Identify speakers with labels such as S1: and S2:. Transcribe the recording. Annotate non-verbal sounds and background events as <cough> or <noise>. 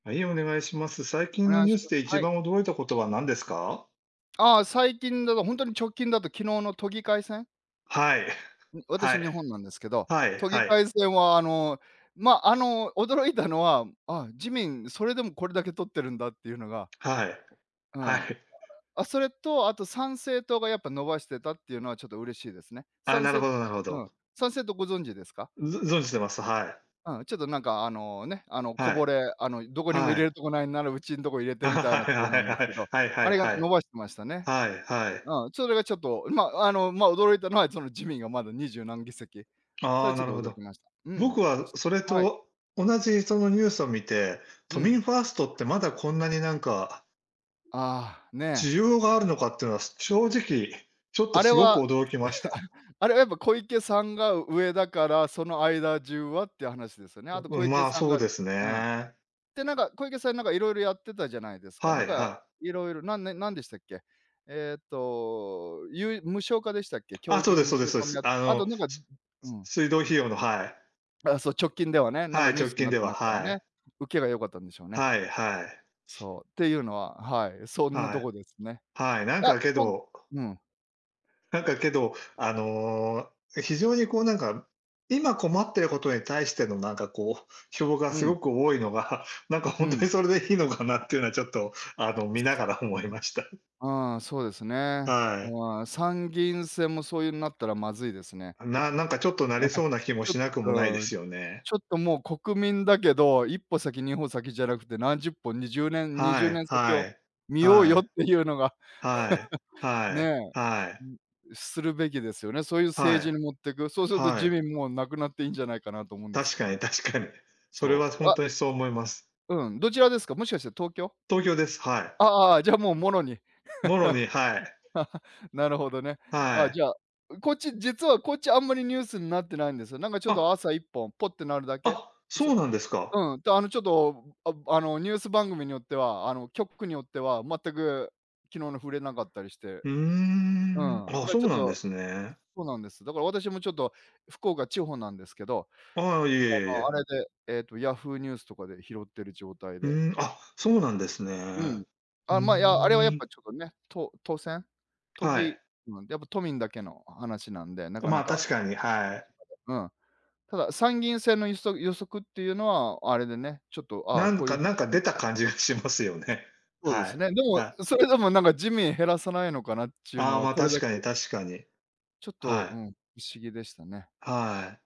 S1: はい、お願いします。最近
S2: お
S1: の
S2: 願い
S1: ニュー
S2: し
S1: ス
S2: ま
S1: で
S2: す。
S1: 一
S2: はい。
S1: 番驚いたことは何ですか？
S2: あ、最近だと、ほんとに直近だと昨日の都議会選。
S1: はい。<chuckles>
S2: うん、
S1: は
S2: 私
S1: い。
S2: 日本なんですけど、
S1: はい、
S2: 都議
S1: は
S2: 会
S1: い。
S2: 選はあの、ま、あの、驚いたのは、あ、自民それでもこれだけ取ってるんだっていうのが
S1: はい。
S2: う
S1: は
S2: ーん。
S1: い。
S2: あ、それとあと参政党がやっぱ伸ばしてたっていうのは、ちょっと嬉しいですね。
S1: ああ、
S2: 参
S1: なるほ
S2: 政
S1: ど
S2: 党
S1: なるほ
S2: うん、
S1: ど。
S2: 参政党ご存知ですか？
S1: うぞ存じてます、はい。
S2: うん、ちょっとなんか、あの、ね、あの、こ
S1: は
S2: ぼ
S1: い。
S2: れ、あの、どこにも入
S1: は
S2: れ
S1: い。
S2: るとこないなら、うちんとこ入れてみた
S1: <chuckles> は
S2: いな
S1: い、
S2: 党
S1: あへ
S2: なんです
S1: あへ。
S2: けど、
S1: はいは
S2: あ
S1: い
S2: れが
S1: は
S2: 伸
S1: い。
S2: ばしましたね。
S1: はい、はい。
S2: うん、それがちょっと、ん、ま、あの、ま、驚いたのは、その自民がまだ二十何議席。そ
S1: あ
S2: れは
S1: あ、
S2: ちょ
S1: な
S2: っと
S1: るほ
S2: 驚
S1: ど。
S2: きました。うーん、
S1: 僕は
S2: ち
S1: それ
S2: はい。
S1: と同じそのニュースを見て、
S2: う
S1: 都
S2: ん。
S1: 民ファーストって、まだこんなになんか。<unintelligible>
S2: ああ、ね。
S1: 需要があるのかっていうのは、正直、ちょっと
S2: あれ
S1: 凄く
S2: は
S1: 驚きました。
S2: <chuckles> あれはやっぱ小池さんが上だから、その間中はっていう話ですよね？あ
S1: う
S2: と
S1: う
S2: 小
S1: ん、
S2: 池
S1: まあ、
S2: さん
S1: そう
S2: がう
S1: です
S2: うん。
S1: ね。
S2: で、なんか小池さん、なんかいろいろやってたじゃないですか。な
S1: は
S2: ん
S1: い、
S2: か
S1: は
S2: いろいろなんねんなんでしたっけ？えっと、ゆい無償化でしたっけ？教
S1: あ、そ
S2: 育
S1: う
S2: の
S1: です
S2: 無
S1: そ
S2: 償
S1: うです、そえ
S2: 化も
S1: す。
S2: や
S1: あ
S2: あと
S1: の、
S2: なんか
S1: し
S2: うんう
S1: す
S2: ん、うん。
S1: 水道費用の、はい。
S2: あ、そう、直近ではね、なん
S1: は
S2: か
S1: い、
S2: ニュー
S1: 直
S2: スに
S1: 近
S2: なっ
S1: で
S2: て
S1: は、
S2: ましたよ
S1: は
S2: ね。
S1: い。
S2: 受けが良かったんでしょうね。
S1: はい、はい。
S2: そう、っていうのは、はい、そんな
S1: は
S2: と
S1: い。
S2: こですね。
S1: はい、なん
S2: や、
S1: かけ
S2: と
S1: ど
S2: うん。
S1: なんかけど、あの、非常にこう、なんか、今困ってることに対してのなんかこう、票が
S2: うん。
S1: 凄く多いのが、なんかほ
S2: う
S1: んとに
S2: ん。
S1: それでいいのかなっていうのは、ちょっと、あの、
S2: う
S1: 見な
S2: す
S1: がら思いました。<chuckles>
S2: ああ、そうですね。
S1: はい。
S2: ああ、参議院選もそういうなったらまずいですね。
S1: ななんか、ちょっとなれそうな
S2: <chuckles> あ、
S1: 気も
S2: ちょっ
S1: しなくもないで
S2: と
S1: すよね。
S2: ちょっともう国民だけど、1歩先、2歩先じゃなくて、何十歩、20年-にじ
S1: は
S2: ゅうね
S1: い、
S2: ん先
S1: は
S2: を
S1: い、
S2: 見よう
S1: は
S2: よっ
S1: い。
S2: ていうのが
S1: はい。
S2: <laughs>
S1: はい、
S2: ね。
S1: は
S2: う
S1: い。
S2: うん、するべきですよね。そういう政
S1: は
S2: 治
S1: い。
S2: に持ってく。そうすると
S1: は
S2: 自
S1: い。
S2: 民もなくなっていいんじゃないかなと思うんです
S1: 確
S2: けど
S1: か
S2: も。
S1: に確かに。それ
S2: そ
S1: は
S2: う、
S1: ほん
S2: わ
S1: とにそう思います。
S2: うん、どちらですか、もしかしたら東京？
S1: 東京です、は
S2: あ
S1: い。
S2: あああ、じゃあ、もうものに
S1: もろに、はい。
S2: <chuckles> なるほどね。
S1: は
S2: あ、じ
S1: い。
S2: ゃあ、うこっち実はこっち、あんまりニュースんなってないんですよ。なんかちょ
S1: あ
S2: っ
S1: っ！
S2: と朝1本、ポッてなるだ
S1: あ
S2: け？
S1: っ！
S2: う
S1: そ
S2: そい
S1: うなんですか？
S2: うん、たあの、ちょっと、<groans> あの、ニュース番組によっては、あの、局によっては、全く昨日の触れなかったりして。
S1: ふー
S2: う
S1: ん。
S2: ん、
S1: あ、
S2: だ、
S1: そ
S2: ちょ
S1: う
S2: っ
S1: なんで
S2: と
S1: すね。
S2: そうなんです。だから、私もちょっと福岡、地方なんですけど、
S1: ああ、いえい
S2: あ
S1: えい
S2: の、あ
S1: え。
S2: れで、えっと、Yahoo! ニュースとかで拾っている状態
S1: ふ
S2: で
S1: ーん、あ、そうなんです
S2: う
S1: ね。
S2: ん、
S1: ふ
S2: あ、ま、いや、あれはや
S1: ー
S2: っ
S1: ん。
S2: ぱちょっとね、都都選都
S1: はい。
S2: 議ま、やっぱ都民だけの話なんで、なか
S1: ま
S2: な
S1: あ、
S2: か
S1: 確かに、はい。
S2: <unintelligible> うん、ただ参議院選のいそぐ予測っていうのはあれでね、ちょっとああ、
S1: なん
S2: こうい
S1: か
S2: う
S1: なんか
S2: 感
S1: 出
S2: じ。
S1: た感じがしますよね。
S2: そうで
S1: は
S2: す
S1: い。
S2: ね。でも、
S1: はい。
S2: うそれでもなんか自民減らさないのかなっちゅう
S1: あ
S2: の
S1: あ、
S2: は、
S1: ま、
S2: これ
S1: 確
S2: だ
S1: かに
S2: け
S1: 確かに。
S2: ちょっと、
S1: は
S2: うー
S1: い。
S2: ん、不思議でしたね。
S1: はい。